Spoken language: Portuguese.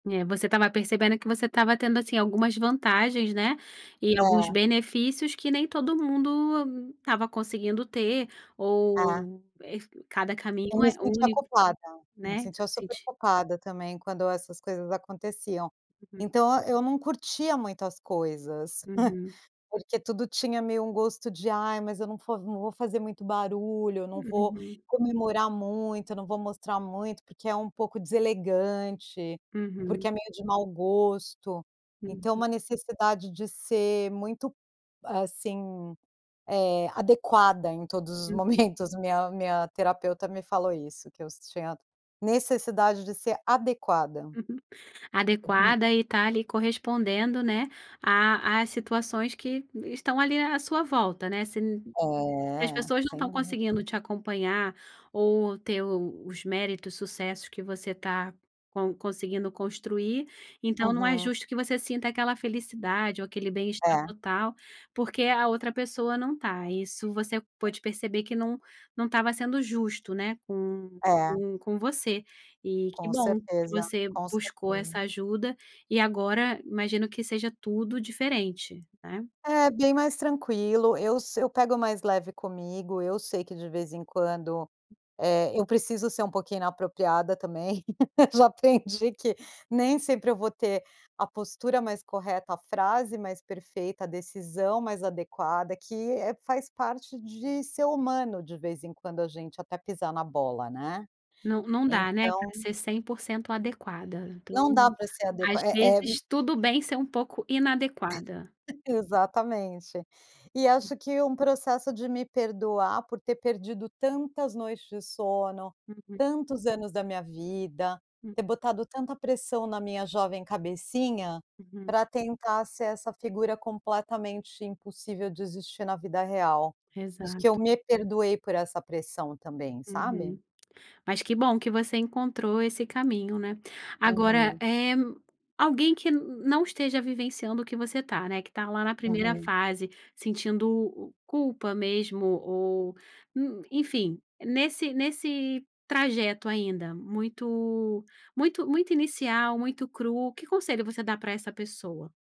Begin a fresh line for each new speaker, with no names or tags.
É, você estava percebendo que você estava tendo, assim, algumas vantagens, né, e alguns
É.
benefícios que nem todo mundo estava conseguindo ter
É.
ou, eh, cada
Eu
caminho
me
é
sentia
único,
culpada, me
né, você
sentia super
sent
culpada também quando essas coisas aconteciam,
Hum.
então eu não curtia muito as coisas,
Uhum.
porque tudo tinha meio um gosto de: "Ai, mas eu não fo não vou fazer muito barulho, eu não vou
Uhum.
comemorar muito, eu não vou mostrar muito, porque é um pouco deselegante,
Uhum.
porque é meio de mau gosto". Então
Uhum.
é um necessidade de ser muito, assim, eh, adequada, em todos os
Uhum.
momentos, minha minha terapeuta me falou isso, que eu tinha necessidade de ser adequada.
Uhum.
Uhum.
Adequada e tá ali correspondendo, né, a a situações que, estão ali à sua volta, né. Se n se as
É,
pessoas não
sem
estão conseguindo
dúvida.
te acompanhar ou ter os méritos, sucessos, que você está con conseguindo construir, então não é
Uhum.
justo que você sinta aquela felicidade ou aquele bem-estar
É.
total, porque a outra pessoa não tá, isso você pôde perceber que não não estava sendo justo, né, com
É.
com com você, e que
Com
bom que
certeza,
você
com
buscou
certeza.
essa ajuda, e agora imagino que seja tudo diferente, né.
É, bem mais tranquilo, eu se eu pego mais leve comigo, eu sei que, de vez em quando, eh, eu preciso ser um pouquinho inapropriada, também, já aprendi que nem sempre eu vou ter a postura mais correta, a frase mais perfeita, a decisão mais adequada, que, eh, faz parte de ser humano, de vez em quando a gente, até pisar na bola, né.
Não não dá, né, pra
Então
ser 100% adequada, então
Não dá para ser
às
adequa é é hum
vezes, tudo bem ser um pouco inadequada.
Exatamente. E
Hum.
acho que um processo de me perdoar, por ter perdido tantas noites de sono,
Uhum.
tantos anos da minha vida,
Hum.
ter botado tanta pressão na minha jovem cabecinha,
Uhum.
pra tentar ser essa figura completamente impossível de existir, na vida real. Acho que eu
Exato.
me perdoei por essa pressão, também, sabe.
Uhum. Mas que bom que você encontrou esse caminho, né. Agora,
Uhum.
eh, alguém que n não esteja vivenciando o que você tá, né, que tá lá na primeira
Uhum.
fase, sentindo, culpa mesmo ou n enfim, nesse nesse trajeto ainda, muito muito muito inicial, muito cru, que conselho você dá pra essa pessoa?